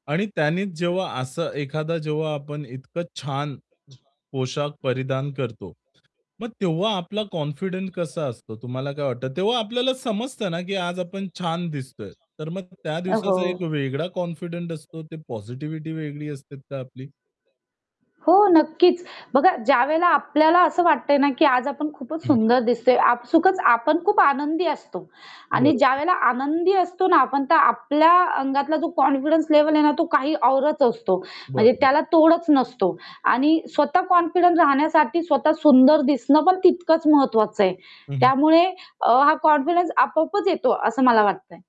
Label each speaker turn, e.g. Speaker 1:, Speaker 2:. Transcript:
Speaker 1: आणि त्यांनीच जेव्हा असं एखादा जेव्हा आपण इतकं छान पोशाख परिधान करतो. मग तेव्हा आपला कॉन्फिडंट कसा असतो तुम्हाला काय वाटतं? तेव्हा आपल्याला समजतं ना, की आज आपण छान दिसतोय, तर मग त्या
Speaker 2: अ, हो.
Speaker 1: दिवसाचा एक वेगळा कॉन्फिडंट असतो. ते पॉझिटिव्हिटी वेगळी असते का आपली?
Speaker 2: हो, नक्कीच. बघा ज्यावेळेला आपल्याला असं वाटतंय ना, की आज आपण खूपच
Speaker 1: हं.
Speaker 2: सुंदर दिसतोय आपसुकच आपण खूप आनंदी असतो आणि
Speaker 1: बरोबर.
Speaker 2: ज्यावेळेला आनंदी असतो ना आपण, तर आपल्या अंगातला जो कॉन्फिडन्स लेव्हल आहे ना तो काही औरच असतो म्हणजे
Speaker 1: बरोबर.
Speaker 2: त्याला तोडच नसतो आणि स्वतः कॉन्फिडन्स राहण्यासाठी स्वतः सुंदर दिसणं पण तितकंच महत्त्वाचं आहे.
Speaker 1: हं, हं.
Speaker 2: त्यामुळे अ, हा कॉन्फिडन्स आपोआपच येतो, असं मला वाटतंय.